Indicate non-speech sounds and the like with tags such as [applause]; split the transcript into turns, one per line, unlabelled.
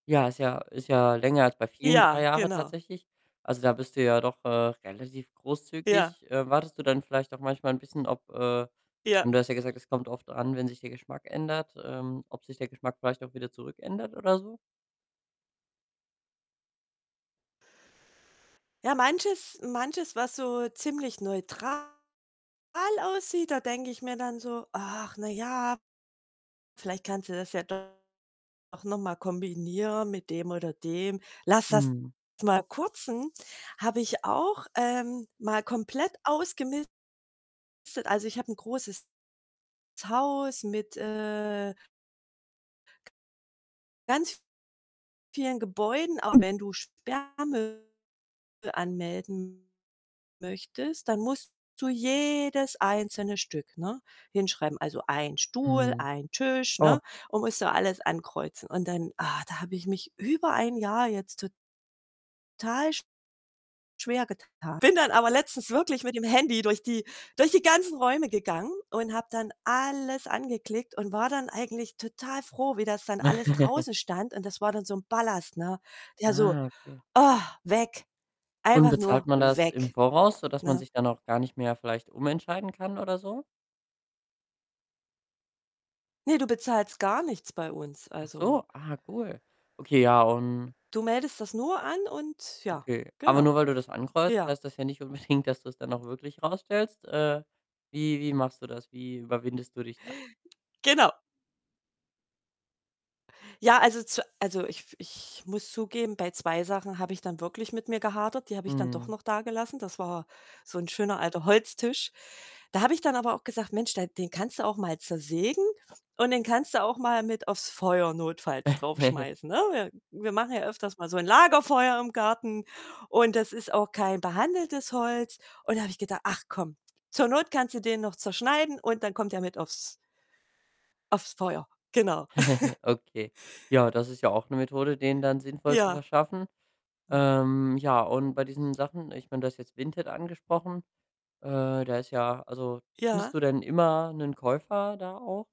Ja, ist ja ist ja länger als bei vielen,
Ja,
3 Jahre
genau.
tatsächlich. Also, da bist du ja doch, äh, relativ
Ja.
großzügig. Äh, wartest du dann vielleicht auch manchmal 'n bisschen, ob, äh
Ja.
hm, du hast ja gesagt, es kommt drauf an, wenn sich der Geschmack ändert, ähm, ob sich der Geschmack vielleicht auch wieder zurück ändert oder so?
Ja, manches manches, was so ziemlich neutral aussieht, da denke ich mir dann so: „Ach na ja, vielleicht kannst du das ja doch noch mal kombinieren mit dem oder dem. Lass das
Mhm.
mal kürzen." Habe ich auch, ähm, mal komplett ausgemistet. Also, ich habe 'n großes Haus mit, äh ganz vielen Gebäuden. Aber wenn du Sperrmüll anmelden möchtest, dann musst du jedes einzelne Stück, ne, hinschreiben. Also, 1 Stuhl,
Mhm.
1 Tisch,
Oh.
ne, und musst du alles ankreuzen. Und dann, ah, da habe ich mich über 1 Jahr jetzt to tal schwergetan. Bin dann aber letztens wirklich mit dem Handy durch die durch die ganzen Räume gegangen und habe dann alles angeklickt und war dann eigentlich total froh, wie das dann alles
[giggles]
draußen stand, und das war dann so 'n Ballast, ne? Ja, so:
Ah, okay.
„Weg.
Und
Einfach
bezahlt
nur
man das im
weg“,
Voraus, sodass man
ne?
sich dann auch gar nicht mehr vielleicht umentscheiden kann oder so?
Ne, du bezahlst gar nichts bei uns.
Ach
Also
so. Ah, cool. Okay, ja, und
du meldest das nur an und ja,
Okay, aber nur
genau.
weil du das ankreuzt,
Ja.
heißt das ja nicht unbedingt, dass du's dann auch wirklich rausstellst. Äh, wie wie machst du das? Wie überwindest du dich da?
Genau. Ja, also, zu also, ich f ich muss zugeben, bei 2 Sachen habe ich dann wirklich mit mir gehadert. Die habe ich dann doch
Mhm.
noch dagelassen. Das war so 'n schöner alter Holztisch. Da habe ich dann aber auch gesagt: „Mensch, der den kannst du auch mal zersägen und den kannst du auch mal mit aufs Feuer notfalls
[chuckles]
draufschmeißen“, ne? Wir wir machen ja öfters mal so ein Lagerfeuer im Garten, und das ist auch kein behandeltes Holz. Und da habe ich gedacht: „Ach komm, zur Not kannst du den noch zerschneiden und dann kommt der mit aufs“ „aufs Feuer.“ Genau.
[giggles]
[chuckles]
Okay. Ja, das ist ja auch 'ne Methode, denen dann sinnvoll zu
Ja.
verschaffen.
[unintelligible]
Ähm, ja und bei diesen Sachen ich meine, du hast jetzt Vinted angesprochen. Äh, da ist ja also,
Ja.
findest du denn immer 'nen Käufer da auch?